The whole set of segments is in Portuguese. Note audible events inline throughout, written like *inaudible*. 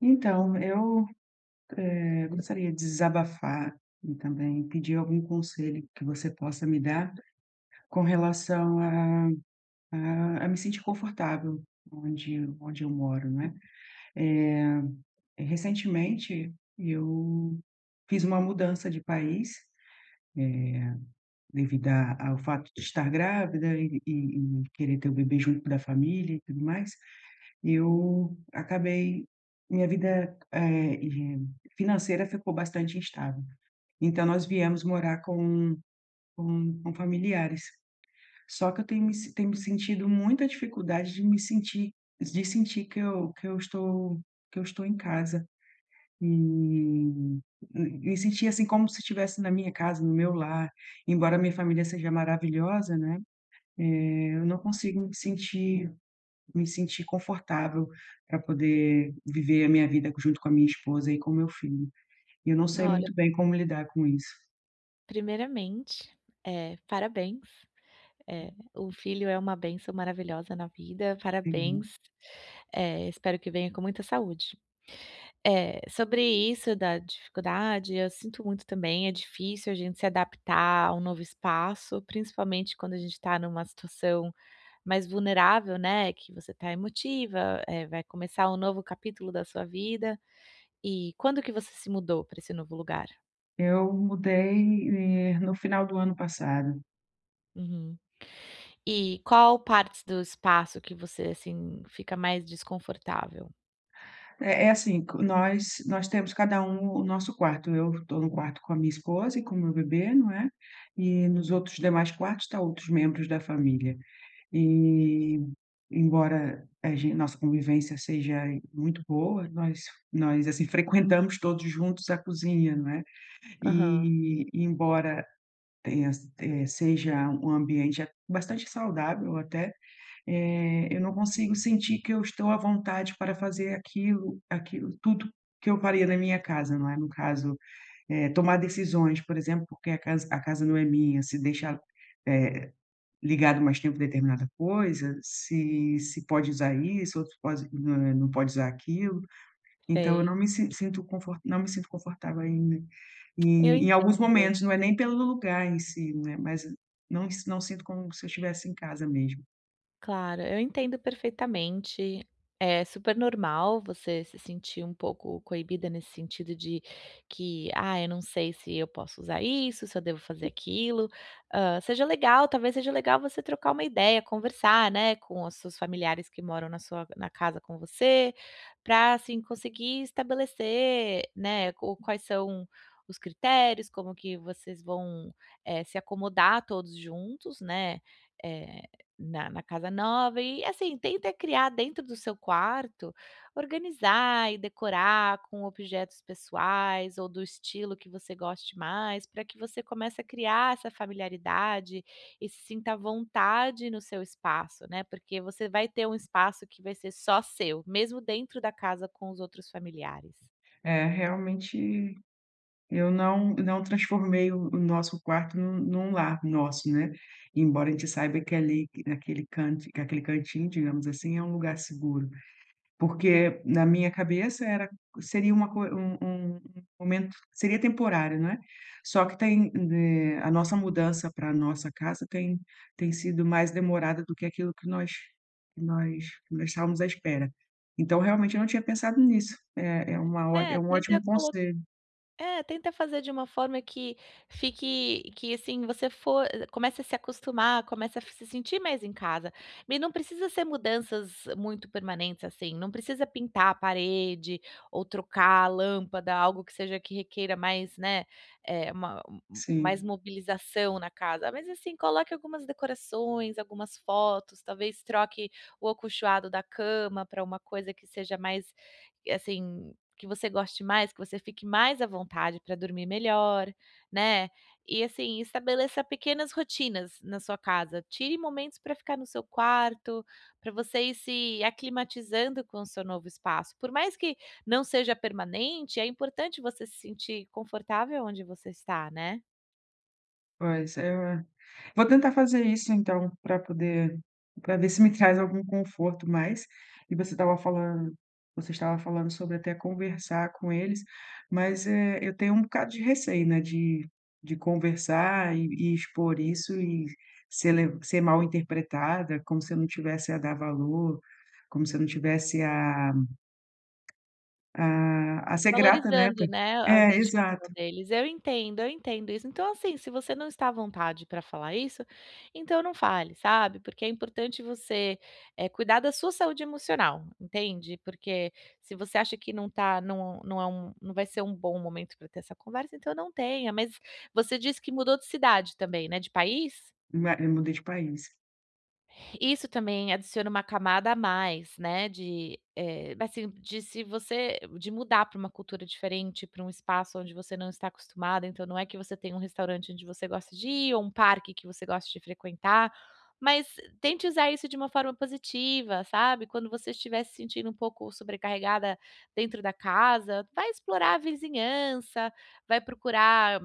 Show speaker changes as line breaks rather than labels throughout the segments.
Então, eu, eh, gostaria de desabafar e também pedir algum conselho que você possa me dar com relação a a a me sentir confortável, onde onde eu moro, né? Eh, recentemente, eu fiz uma mudança de país, eh, devido a ao fato de estar grávida e e e querer ter o bebê junto da família e tudo mais. Eu acabei minha vida, eh, de financeira ficou bastante instável. Então, nós viemos morar com com com familiares. Só que eu tenho me tenho me sentido muita dificuldade de me sentir de sentir que eu que eu estou que eu estou em casa e m me sentir, assim, como se tivesse na minha casa, no meu lar, embora a minha família seja maravilhosa, né, eh, eu não consigo me sentir me sentir confortável para poder viver a minha vida junto com a minha esposa e com o meu filho. E eu não sei
Olha
muito bem como lidar com isso.
Primeiramente, eh, parabéns, eh, um filho é uma bênção maravilhosa na vida.
Sim.
Parabéns, eh, espero que venha com muita saúde, eh, sobre isso da dificuldade, eu sinto muito também. É difícil a gente se adaptar a um novo espaço, principalmente quando a gente está numa situação mais vulnerável, né, que você está emotiva, eh, vai começar um novo capítulo da sua vida e quando que você se mudou para esse novo lugar?
Eu mudei, eh, no final do ano passado.
Uhum. E qual parte do espaço que você assim, fica mais desconfortável?
É é assim, q nós nós temos cada um o nosso quarto. Eu tô no quarto com a minha esposa e com o meu bebê, né, e nos
Uhum.
outros demais quartos está outros membros da família. E embora, a gen nossa convivência seja muito boa, nós nós assim frequentamos todos juntos a cozinha, né.
Aham.
E embora tenha s eh, seja um ambiente bastante saudável até, eh, eu não consigo sentir que eu estou à vontade para fazer aquilo aquilo tudo que eu faria na minha casa, né. No caso, é tomar decisões, por exemplo, porque a casa a casa não é minha, se deixar, eh, ligado mais tempo determinada coisa, se se pode usar isso, ou se pode não não pode usar aquilo. Então eu
Sei.
não me sin sinto conf não me sinto confortável em
Eu
em em alguns
entendo.
momentos. Não é nem pelo lugar em si, né, mas não não sinto como se eu estivesse em casa mesmo.
Claro, eu entendo perfeitamente. É super normal você se sentir um pouco coibida nesse sentido de que: "Ah, eu não sei se eu posso usar isso, se eu devo fazer aquilo". Hã, seja legal, talvez seja legal você trocar uma ideia, conversar, né, com os seus familiares que moram na sua na casa com você. Pra assim conseguir estabelecer, né, ou quais são os critérios, como que vocês vão, eh, se acomodar todos juntos, né, eh, na na casa nova e assim tenta criar dentro do seu quarto, organizar e decorar com objetos pessoais ou do estilo que você goste mais pra que você comece a criar essa familiaridade e se sinta à vontade no seu espaço, né, porque você vai ter um espaço que vai ser só seu, mesmo dentro da casa, com os outros familiares.
É realmente eu não, não transformei o o nosso quarto num num lar nosso, né, embora a gente saiba que ali naquele canto que aquele cantinho, digamos assim, é um lugar seguro, porque na minha cabeça era seria uma co um um um momento seria temporário, não é, só que tem, eh, a nossa mudança para a nossa casa tem tem sido mais demorada do que aquilo que nós que nós que nós estávamos à espera. Então realmente eu não tinha pensado nisso. É é uma
É,
é um
tenta
ótimo
colo
conselho.
é, tenta fazer de uma forma que fique que assim você for comece a se acostumar, começa a se sentir mais em casa, e não precisa ser mudanças muito permanentes, assim, não precisa pintar a parede ou trocar a lâmpada, algo que seja que requeira mais, né, é uma mais
Sim.
mobilização na casa, mas assim coloque algumas decorações, algumas fotos, talvez troque o acolchoado da cama pra uma coisa que seja mais, assim, que você goste mais que você fique mais à vontade para dormir melhor, né, e assim estabeleça pequenas rotinas na sua casa. Tire momentos para ficar no seu quarto pra você ir se aclimatizando com o seu novo espaço. Por mais que não seja permanente, é importante você se sentir confortável onde você está, né?
Pois é. Vou tentar fazer isso, então, para poder para ver se me traz algum conforto. Mas, você estava falando você estava falando sobre até conversar com eles, mas, eh, eu tenho um bocado de receio, né, de de conversar e e expor isso e ser le ser mal interpretada, como se eu não tivesse a dar valor, como se eu não tivesse a a a ser grata, né, po
Valorizando, né, a
É
dedicação
exato.
deles. Eu entendo, eu entendo isso. Então, assim, se você não está à vontade para falar isso, então, não fale, sabe. Porque é importante você, eh, cuidar da sua saúde emocional, entende? Porque, se você acha que não tá não não é um não vai ser um bom momento para ter essa conversa, então, eu não tenha. Mas você disse que mudou de cidade também, né? De país?
Ma eu mudei de país.
Isso também adiciona uma camada a mais, né, de eh, assim, de se você de mudar para uma cultura diferente, para um espaço onde você não está acostumada. Então, não é que você tem um restaurante onde você gosta de ir ou um parque que você gosta de frequentar, mas tente usar isso de uma forma positiva. Sabe, quando você estiver se sentindo um pouco sobrecarregada dentro da casa, vai explorar a vizinhança, vai procurar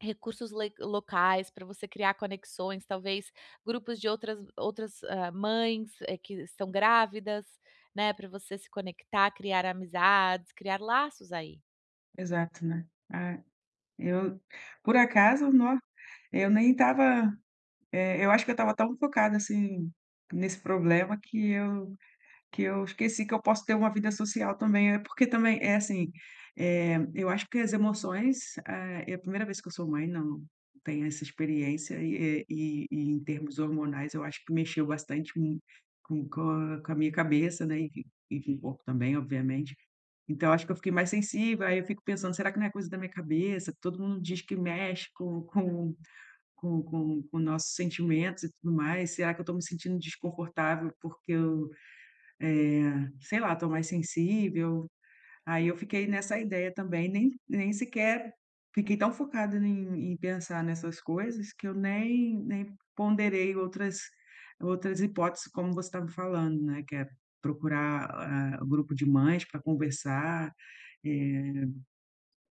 recursos le locais para você criar conexões, talvez grupos de outras outras, hã, mães, eh, que estão grávidas, né, pra você se conectar, criar amizades, criar laços aí.
Exato, né, ah, eu por acaso, no eu nem estava, eh, eu acho que eu estava tão focada assim nesse problema que eu que eu esqueci que eu posso ter uma vida social também, né. Porque também é assim, eh, eu acho que as emoções. É é a 1ª vez que eu sou mãe, não tenho essa experiência e é e e em termos hormonais, eu acho que mexeu bastante com com com a com a minha cabeça, né, e e com o corpo também, obviamente. Então eu acho que eu fiquei mais sensível, aí eu fico pensando: "Será que não é coisa da minha cabeça? Todo mundo diz que mexe com com com com com nossos sentimentos e tudo mais.". Será que eu estou me sentindo desconfortável porque eu, eh, sei lá, estou mais sensível? Aí eu fiquei nessa ideia também, nem nem sequer fiquei tão focada em em pensar nessas coisas que eu nem nem ponderei outras outras hipóteses, como você estava falando, né, que é procurar, ah, o grupo de mães para conversar, eh,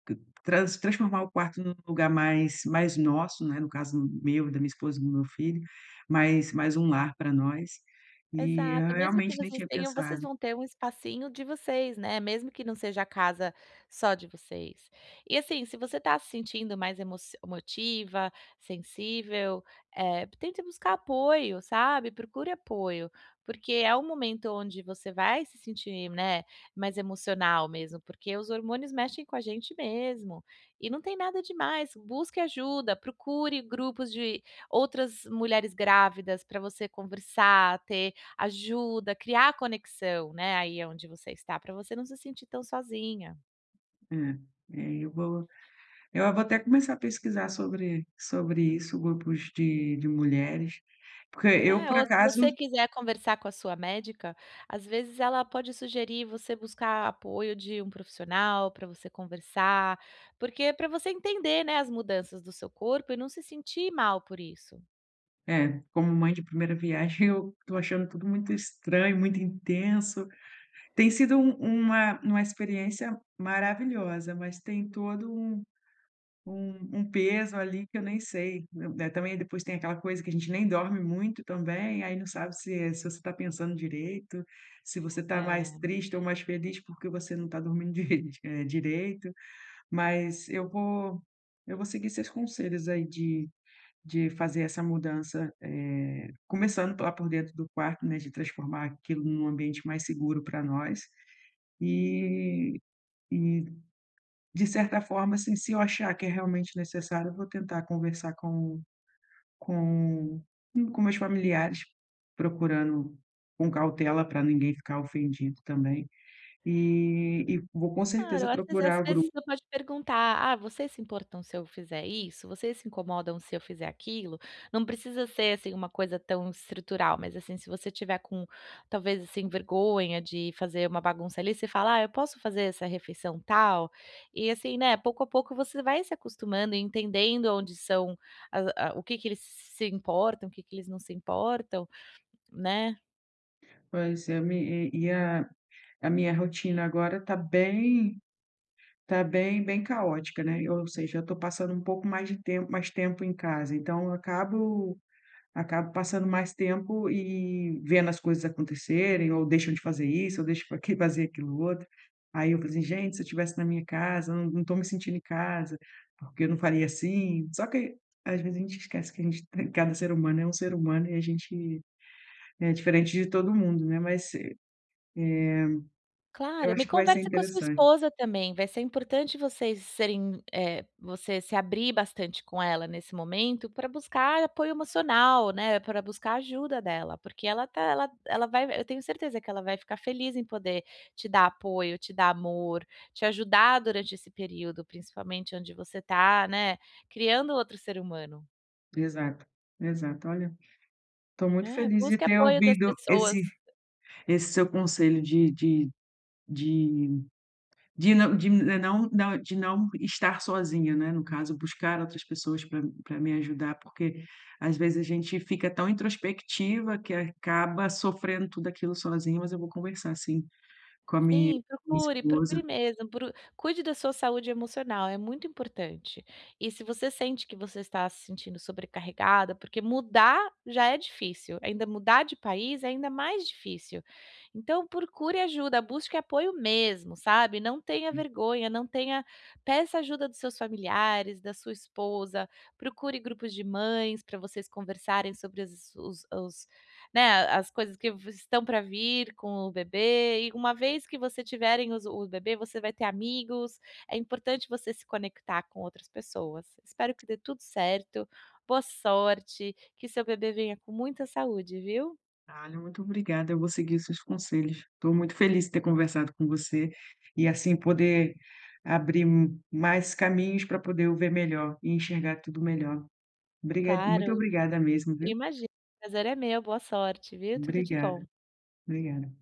tran trans transformar o quarto no lugar mais mais nosso, né. No caso meu, da minha esposa e do meu filho, mais mais um lar para nós e eu
Exato. Mesmo que
realmente nem
vocês
tinha
tenham, vocês
pensado.
vão ter um espacinho de vocês, né. Mesmo que não seja a casa só de vocês e assim se você tá se sentindo mais emocio emotiva, sensível, eh, tente buscar apoio, sabe. Procure apoio, porque é um momento onde você vai se sentir, né, mais emocional mesmo porque os hormônios mexem com a gente mesmo e não tem nada demais. Busque ajuda, procure grupos de outras mulheres grávidas pra você conversar, ter ajuda, criar conexão, né, aí aonde você está pra você não se sentir tão sozinha.
Hum. É, aí eu vou, eu a vou até começar a pesquisar sobre sobre isso, grupos de de mulheres, porque eu
É,
por
ou se
acaso
você quiser conversar com a sua médica, às vezes ela pode sugerir você buscar apoio de um profissional pra você conversar, porque pra você entender, né, as mudanças do seu corpo e não se sentir mal por isso.
É, como mãe de primeira viagem, eu estou achando tudo muito estranho, muito intenso, tem sido um uma uma experiência maravilhosa, mas tem todo um um um peso ali que eu nem sei, né. Também depois tem aquela coisa que a gente nem dorme muito também, aí não sabe se se você tá pensando direito, se você tá mais
É.
triste ou mais feliz, porque você não tá dormindo, eh, direito, mas eu vou eu vou seguir seus conselhos aí de de fazer essa mudança, eh, começando lá por dentro do quarto, né, de transformar aquilo num ambiente mais seguro para nós e e de certa forma, assim, se eu achar que é realmente necessário, eu vou tentar conversar com com com meus familiares, procurando com cautela para ninguém ficar ofendido também e e vou com
Claro,
certeza
às vezes às
procurar o
vezes
grupo.
você pode perguntar: "Ah, vocês se importam se eu fizer isso? Vocês se incomodam se eu fizer aquilo?". Não precisa ser assim uma coisa tão estrutural, mas assim, se você tiver com talvez assim vergonha de fazer uma bagunça ali, você fala: "Ah, eu posso fazer essa refeição tal?". E assim, né, pouco a pouco você vai se acostumando e entendendo onde são as a o que que eles se importam, o que que eles não se importam, né?
Pois é. Eu me e e a a minha rotina agora está bem tá bem bem caótica, né, e ou seja, eu estou passando um pouco mais de tem mais tempo em casa, então, eu acabo acabo passando mais tempo e vendo as coisas acontecerem ou deixam de fazer isso ou deixam q *chuckles* fazer aquilo outro. Aí, eu falei assim: "Gente, se eu tivesse na minha casa, não não estou me sentindo em casa, porque eu não faria assim.". Só que, às vezes, a gente esquece que cada ser humano é um ser humano, e a gente é diferente de todo mundo, né. Mas, eh eh, eu
Claro, me
acho que vai ser
conversa com a sua
interessante.
esposa também. Vai ser importante vocês serem eh, você se abrir bastante com ela nesse momento para buscar apoio emocional, né, para buscar ajuda dela, porque ela tá ela ela vai v eu tenho certeza que ela vai ficar feliz em poder te dar apoio, te dar amor, te ajudar durante esse período, principalmente, onde você tá, né, criando outro ser humano.
Exato, exato. Olha, tô muito
É.
feliz de
Busca
ter
apoio das
ouvido
pessoas.
esse esse seu conselho de de de de não de não não de não estar sozinha, né, no caso. Buscar outras pessoas para para me ajudar, porque, às vezes, a gente fica tão introspectiva que acaba sofrendo tudo aquilo sozinha. Mas eu vou conversar, sim, com a mi-minha
Sim, procure, procure
esposa.
mesmo pro cuide da sua saúde emocional. É muito importante. E, se você sente que você está se sentindo sobrecarregada, porque mudar já é difícil, ainda mudar de país é ainda mais difícil. Então, procure ajuda, busque apoio mesmo, sabe, não tenha
Hum.
vergonha, não tenha peça ajuda dos seus familiares, da sua esposa, procure grupos de mães para vocês conversarem sobre os os os né, as coisas que vo estão para vir com o bebê, e uma vez que vocês tiverem os o bebê, você vai ter amigos. É importante você se conectar com outras pessoas. Espero que dê tudo certo. Boa sorte. Que seu bebê venha com muita saúde, viu?
Ah, o muito obrigada, eu vou seguir os seus conselhos. Estou muito feliz de ter conversado com você e, assim, poder abrir mais caminhos para poder o ver melhor e enxergar tudo melhor. Obriga muito
Claro.
obrigada mesmo, viu?
Imagina, prazer é meu. Boa sorte, viu. Tudo de bom.
Obrigada. Obrigada.